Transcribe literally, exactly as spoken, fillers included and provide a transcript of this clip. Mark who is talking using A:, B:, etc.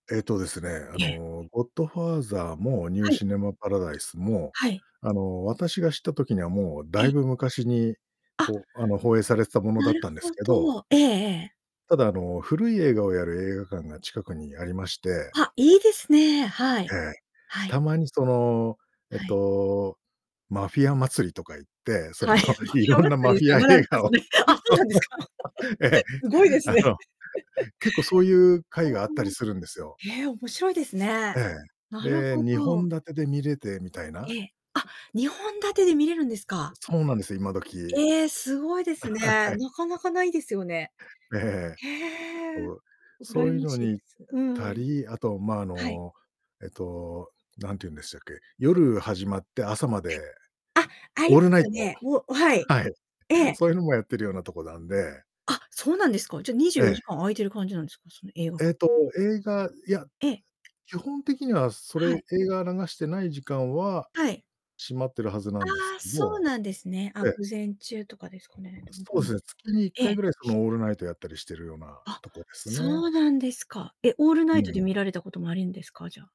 A: えっとですね、あ
B: ええ。
A: のゴッドファーザーもニュー
B: はい。
A: シネマパラダイスも、
B: はい。
A: あの私が知った時にはもう
B: え
A: だ
B: え。
A: いぶ昔に、
B: あ、
A: ほあの放映されてたもの
B: な
A: だっ
B: る
A: たんです
B: ほ
A: けど
B: ど、ええええ。
A: ただあの、古い映画をやる映画館が近くにありまして
B: あ、いいですね、は
A: え
B: い、
A: え。
B: はい。
A: たまにそのえ
B: はい。
A: と、マフィア祭りとか言って、そ
B: は
A: の
B: い。マフィア
A: 色ん
B: 祭
A: な
B: り
A: マ
B: で
A: フ
B: すか
A: ィ
B: [unintelligible] で
A: ア
B: す
A: 映画を
B: ね。あ、そうなんですか。
A: ええ、
B: すごいです
A: あ
B: ね。
A: の結構そういう
B: ふー
A: 会があったり
B: ん、
A: するんですよ。
B: へえ、面白いですね。
A: ええ。
B: なる
A: で、
B: ほ
A: にほ
B: ど。
A: ん立てで見れてみたいな。
B: ええ、あ、にほん立てで見れるんですか？
A: そうなんですよ、今どき。
B: ええ、すごいです
A: あ、
B: ね。
A: はい。
B: なかなかないですよね。
A: ええ、
B: へえ、
A: そう、そ
B: 羨
A: ういう
B: ま
A: の
B: しい
A: に
B: で
A: 行っ
B: す。う
A: た
B: ん。
A: り、あとま、あ
B: はい。
A: のえとなんて言うんでしたっけ、
B: で。
A: 夜始まって朝ま
B: は
A: で、
B: い。あ、あり
A: オー
B: ま
A: ルナ
B: す
A: イ
B: よ
A: ト、
B: ね。おはい。
A: はい、
B: ええ。
A: そういうのもやってるようなとこなんで。
B: あ、そうなんですか。じゃ、にじゅ
A: え
B: うよじ
A: え。
B: かん開いてる感じなんですか、その映画館
A: えと、
B: て
A: 映画いや、
B: ええ。
A: 基本的にはそ
B: はい。
A: れ、映画流してない時間は、
B: はい。
A: 閉まってるはずなんで
B: あ
A: す
B: あ、
A: け
B: そう
A: ど、
B: なんですね。あ、
A: え
B: 午
A: え。
B: 前中とかですかね。でもど
A: そ
B: う
A: うで
B: なん
A: す
B: だ
A: ね、月にいっ
B: ろ、え
A: かい
B: え。
A: ぐらいそのオールナイトやったりしてるような
B: あ、
A: とこですね。
B: そうなんですか。え、オールナ
A: う
B: イトで
A: ん。
B: 見られたこともあるんですか、じゃあ。